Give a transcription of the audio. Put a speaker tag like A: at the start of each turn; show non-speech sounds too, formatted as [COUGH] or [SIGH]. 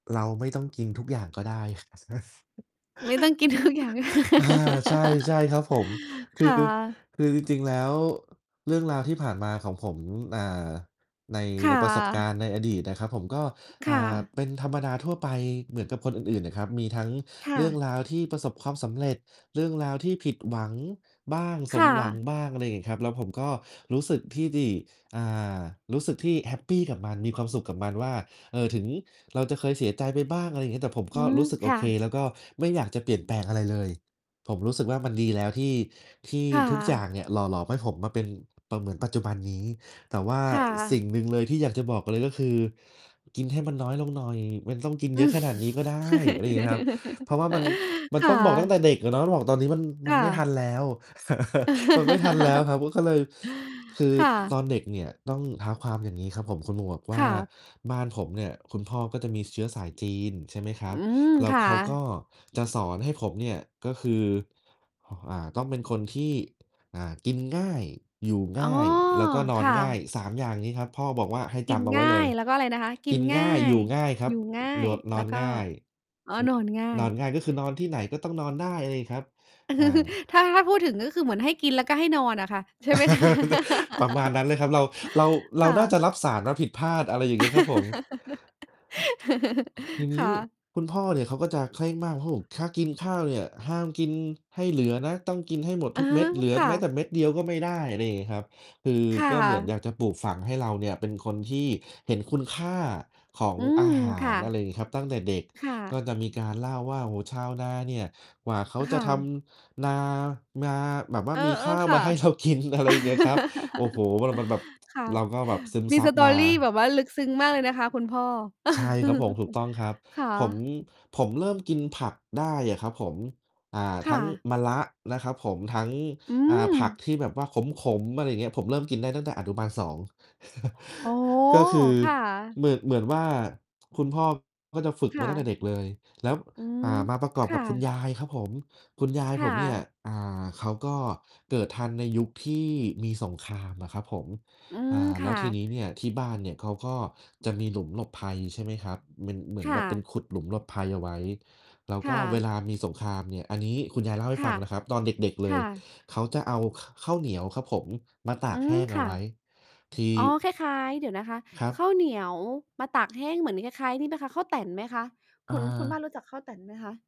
A: เราไม่ต้องกินทุกอย่างก็ได้ นะ
B: ไม่ต้องกิน ทุกอย่างก็ได้
A: [CHUCKLES] เออ ใช่ ๆ ครับผม ค
B: [LAUGHS] ค
A: ือ
B: ่ะ
A: คือจริง ๆ แล้ว เรื่องราวที่ผ่านมาของผม อ่า ใน
B: ค
A: ใ
B: ่
A: นประสบก
B: ะ
A: ารณ์ ในอดีตนะครับผม ก็
B: ค
A: อ่
B: ่
A: า
B: ะ
A: เป็นธรรมดาทั่วไปเหมือนกับคนอื่น ๆ นะครับ มีทั้ง
B: ค่
A: เรื่
B: ะ
A: องราวที่ประสบความสำเร็จ เรื่องราวที่ผิดหวังบ้าง
B: ค
A: สม
B: ่
A: หวัง
B: ะ
A: บ้าง อะไรงี้ครับ แล้วผมก็รู้สึกที่ดี อ่า รู้สึกที่แฮปปีกับมัน มีความสุขกับมันว่า เอ่อ ถึงเราจะเคยเสียใจไปบ้าง อะไรอย่างเงี้ย แต่ผม
B: อ
A: ก
B: ื
A: ็
B: ม
A: รู้สึกโ
B: ค
A: อ
B: ่
A: เค
B: ะ
A: แล้วก็ไม่อยากจะเปลี่ยนแปลงอะไรเลย ผมรู้สึกว่ามันดีแล้ว ที่ ที่
B: ค่
A: ทุกอย่
B: ะ
A: างเนี่ย หล่อหลอมให้ผมมาเป็น ป เหมือนปัจจุบันนี้ แต่ว่า
B: ค่
A: อ สิ่งหนึ
B: ะ
A: ่งเลยที่อยากจะบอกเลย ก็คือกินให้มันน้อยลงหน่อย มันต้องกิน
B: อ
A: เ
B: ื
A: ยอะ
B: อ
A: ขนาดนี้ก็ได้ อะไรงี้ครับ เพราะว่า มัน ม
B: [LAUGHS]
A: ัน
B: ค่
A: ต้อ
B: ะ
A: งบอกตั้งแต่เด็กอะเนาะ มาบอกตอนนี้ มัน ม
B: ค
A: ัน
B: ่
A: ไม่ท
B: ะ
A: ันแล้ว [CHUCKLES] มันไม่ทันแล้วครั
B: [LAUGHS]
A: บ มันก็เลย คือ
B: ค่
A: ต ตอ
B: ะ
A: นเด็กเนี่ย ต้องเท้าความอย่างงี้ครับผม คุณหมวกว
B: ค
A: ่า
B: ่ะ
A: บ้านผมเนี่ย คุณพ่อก็จะมีเชื้อสายจีน ใช่ไหมคร
B: อ
A: ั
B: ื
A: บ
B: ม
A: แล้
B: ค
A: ว
B: ่ะ
A: เขาก็จะสอนให้ผมเนี่ย ก็คือ อ่อ อ่า ต้องเป็นคนที่ อ่า กินง่าย อยู่
B: อ
A: ง
B: ๋อ
A: ่าย แล้วก็นอ
B: ค
A: น
B: ่
A: ง่า
B: ะ
A: ย 3 อย่างนี้ครับ พ่อบอกว่าให้
B: ก
A: จ
B: ิน
A: ำเอาไ
B: ง
A: ว้
B: ่า
A: เล
B: ย
A: ย
B: แล้วก็อะไรนะคะ? ก
A: ก
B: ิน
A: ิน
B: ง
A: ง
B: ่า
A: ่าย อย
B: ย
A: ู่ง่ายครั
B: อ
A: บ
B: ยู่ง่า
A: โหน
B: ย
A: ด น
B: แล
A: อ
B: ้
A: น
B: วก็
A: ง่าย
B: อ๋อ นอนง่า
A: นอน
B: ย
A: ง่าย ก็คือนอนที่ไหน ก็ต้องนอนได้เลยครับ
B: อืม
A: อา
B: [CHUCKLES] ถ้า ถ้าพูดถึง ก็คือเหมือนให้กิน แล้วก็ให้นอนอะค่ะ ใช่ไหม คะ
A: [LAUGHS] ประมาณน
B: [LAUGHS]
A: ั้นเลยครับ เรา เรา เร
B: ค
A: า
B: ่
A: น่า
B: ะ
A: จะรับสารมาผิดพลาด อะไรอย่างงี้ครับผม ที
B: [LAUGHS]
A: น
B: ค
A: ี
B: ่
A: ้
B: ะ
A: คุณพ่อเนี่ย เขาก็จะเคร่งมากครับผม ถ้ากินข้าวเนี่ย ห้ามกินให้เหลือนะ ต้องกินให้หมด
B: อ
A: ท
B: า
A: ุกเม็ด เหลือ
B: ค่
A: แม้
B: ะ
A: แต่เม็ดเดียวก็ไม่ได้ อะไรอย่างงี้ครับ คือ
B: ค่
A: ก็เหมือนอ
B: ะ
A: ยากจะปลูกฝังให้เราเนี่ย เป็นคนที่เห็นคุณค่าของ
B: อื
A: อ
B: ม
A: าหา
B: ค่
A: ร อะไ
B: ะ
A: รงี้ครับ ตั้งแต่เด็ก
B: ค่
A: ก็
B: ะ
A: จะมีการเล่าว่า "โอ้โฮ ชาวนาเนี่ย กว่าเขา
B: อ
A: จ
B: ค
A: ะ
B: ่
A: ท
B: ะ
A: ำ นามาแบบว่า
B: เออ
A: มีข้าว
B: ๆ ค
A: ม
B: ่ะ
A: า ให้เรากิน" อะไรเงี้ยคร
B: [LAUGHS]
A: ับ โอ้โฮ มัน มัน มันแบบ
B: ค่ะ
A: เราก็แบบซึม
B: มี
A: ซับมา
B: story แบบว่า
A: เ
B: ลึกซึ้งมากเลยนะคะคุณพ่อ
A: ออ ใช่ครับผม ถูกต
B: [CHUCKLES]
A: ้องครับ
B: ค่
A: ผม
B: ะ
A: ผมเริ่มกินผักได้อะครับผม อ่า
B: ค
A: ท
B: ่
A: ั้ง
B: ะ
A: มะระนะครับผม ทั้ง
B: อื
A: อ่า ผัก
B: ม
A: ที่แบบว่าขม ๆ อะไรอย่างเงี้ย ผมเริ่มกินได้ตั้งแต่อนุบาล 2 [CHUCKLES]
B: โอ้โฮ
A: ก็คือ
B: ค่ะ
A: เหมื่อ เหมือนว่า คุณพ่อก็จะฝึก
B: ค
A: มา
B: ่
A: ตั้งแต
B: ะ
A: ่เด็กเลย แล้ว
B: อื
A: อ
B: ม
A: ่า มาประกอบ
B: ค
A: ก
B: ่
A: ับคุณ
B: ะ
A: ยายครับผม คุณยาย
B: ค
A: ผ
B: ่
A: มเนี่ย
B: ะ
A: อ่า เขาก็เกิดทันในยุคที่มีสงครามอะครับผม
B: อื
A: อ่
B: ม
A: า
B: ค
A: แล้
B: ่
A: วที
B: ะ
A: นี้เนี่ย ที่บ้านเนี่ยเขาก็จะมีหลุมหลบภัย ใช่ไหมครับ มันเหมือ
B: ค
A: น
B: ่
A: แบบเป็น
B: ะ
A: ขุดหลุมหลบภัยเอาไว้ แล้ว
B: ค
A: ก
B: ่
A: ็เว
B: ะ
A: ลามีสงครามเนี่ย อันนี้คุณยายเล่าให้
B: ค
A: ฟ
B: ่
A: ั
B: ะ
A: งนะครับ ตอนเด็ก ๆ เล
B: ค่
A: ย
B: ะ
A: เขาจะเอา ข ข้าวเหนียวครับผม มาต
B: อ
A: า
B: ื
A: กแห
B: ม
A: ้งเอ
B: ค
A: า
B: ่
A: ไ
B: ะ
A: ว้ ที
B: อ๋อ คล้าย ๆ เดี๋ยวนะคะ
A: ครั
B: ข
A: บ
B: ้าวเหนียวมาตากแห้ง เหมือนคล้าย ๆ นี่ไหมคะ ข้าวแต๋นไหมคะ? ค
A: อ
B: ุณ คุณบ้าน
A: า
B: รู้จักข้าวแต๋นไหมคะ?